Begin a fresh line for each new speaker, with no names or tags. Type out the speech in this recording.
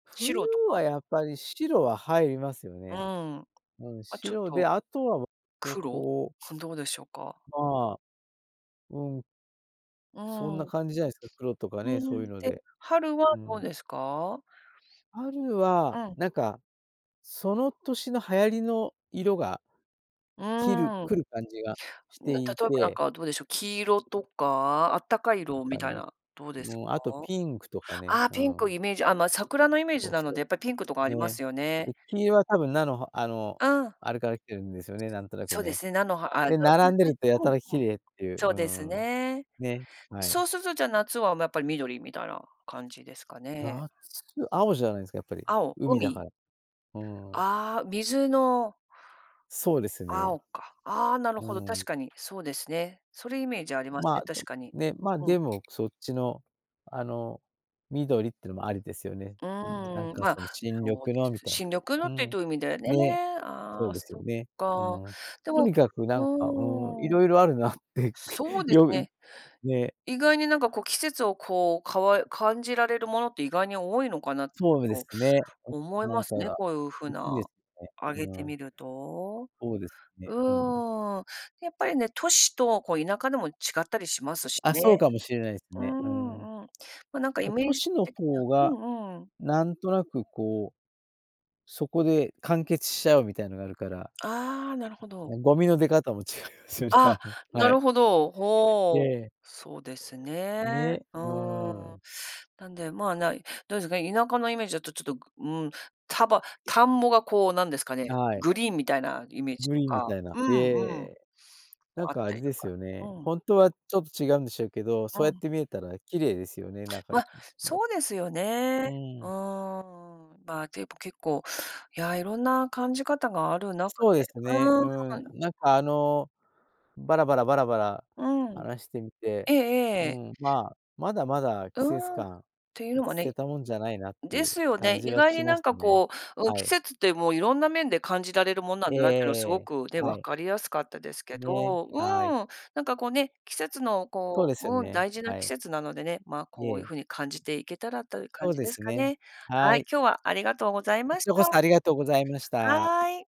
冬
白とか？
はやっぱり、白は入りますよ
うん、
ね。うん、
あ、ちょっ
白で、
と。
あとは、わわ
黒？
こう
どうでしょうか？
まあ、うん。
う
そんな
ーん。
感じじゃないすか、黒とか
う
ね、そういう
ん、
の
え、
で、
春は
う
どう
ん。
ですか？
春
う
は、
ん。
なんかその年の流行りの色が、
う
きる
ーん。
来る感じがし
ん、
て
なんか、
い
ちょっとなん
て。
か、どうでしょう。黄色とか、あったかい
ん
色み
かい
たい
ね。
な、どうですか？
もうあと、ピンクとかね、
ああ、
う
ピンク
ん。
イメージ、あ、ま、桜のイメー
そ
ジ
う
なの
そう。
で、やっぱりピンクとかありま
ね。
すよね。
で、黄色は多分菜のはあの、
うん。
あれから来てるんですよね、なんとなく
そうで
ね。
すね、菜の葉、あ、で
で、並ん
す
でる
ね。
と、や
う
た
ん、
ら綺
うん。
麗っていう、う
そ
ー
うです
ん、
ね。
ね。はい。
そうすると、じゃあ夏は、ま、やっぱり緑、みたいな感じですかね。
夏、青じゃないですか、やっぱり。
青、
海だか
海。
ら。うーん。
ああ、水の
そうですね。
青か。ああ、なる
う
ほど、
ーん。
確かにそうですね。それイメージあります
ま
ね、
あ、で
確
も
かに。
ね、まあ、
うん。
でも、そっちの、あの、緑ってのもありですよね。
う
うん、なん
ーん。
か
ま、
その、新緑
そうで
の
す。
みたい
新緑の
な。う
って
ん。
どういう意味だよね。
ね、そ
あ
う
あ、
ですよ
そっ
ね。う
か。
ん。
で
と
も、
にかくなんか、うーん、い
うん。
ろいろあるなって。く、
そうです
よう、
ね。
ね。
意外になんかこう、季節をこう、かわ感じられるものって、意外に多いのかなって、ち
そうで
ょっ
す
と
ね。あと
思い
な
ま
んか
すね。
が、
こういう風
いかんで
な、
すね。
あげ
う
て
ん。
みると。
そうですね。うん。
うん。やっぱりね、都市とこう田舎でも、違ったりしますし
あ、そう
ね。
かもしれないす
うー
ね。うん。
ん、うん。ま、なんかイ
ま、
メ
都
ージ
市の
的
方
に
が、
はうんうん。
なんとなくこう、そこで完結しちゃうみたいのがあるから。あ、
ああ、なるほど。
ゴミの出方も違いますよね、あ
あ、
の、は
な
い。
るほど。
え
ほう、
え。
そうですね。
ね、
う
うー
ーん。
ん。
なんで、まあ、ない。どうですか、田舎のイメージだと、ちょっと、うん、たば田んぼがこう、なんですかね、
はい。
グリーンみたいなイメージ
グ
と
リーンみ
か。
たいな、
うん
へ
うん。も
え。なん
あっ
かあ
た
れ
りと
です
か、
よね、
うん。
ほんとはちょっと違うんでしょうけど、
う
そうやっ
ん。
て見えたら綺麗ですよね、なんか。
ま、そうですよ
う
ね。うー
ん。
ん、まあ、結構結構、や、いろんな感じ方がある中
そうで
で、
すね、
うー
うーん。
ん。
なんかあの、バラバラバラバラ、
うん。
話してみて。
ええ
うー
ええ。
ん、まあ、まだまだ
う
季節
ーん、っ
感、
ていうのも
捨
ね。
てたもんじゃないなって
で
いう、
すよ
感
ね、
じ
意
は
外
し
に
ま
なん
した
か
ね。
こう、うん、
は
季
い。
節ってもう、色んな面で感じられるもんなん
ええ
だな、って
え
いうのはす
え
ご
ええ。
くね、
は
分
い。
かりやすかったですけ
ね、
ど。う
はい。
ーん、なんかこうね、季節の
そう
こ
ですよ
う、うん、
ね、
大事な
は
季
い。
節なのでね。まあ、
い
こういう
え。
風に感じていけたら、という
そ
感
う
じ
で
です
す
か
ね、
ね。
は
はい、
い。
今日はありがとうござい
こ
ま
ち
し
らこ
た。
そありがとうございました。
はい。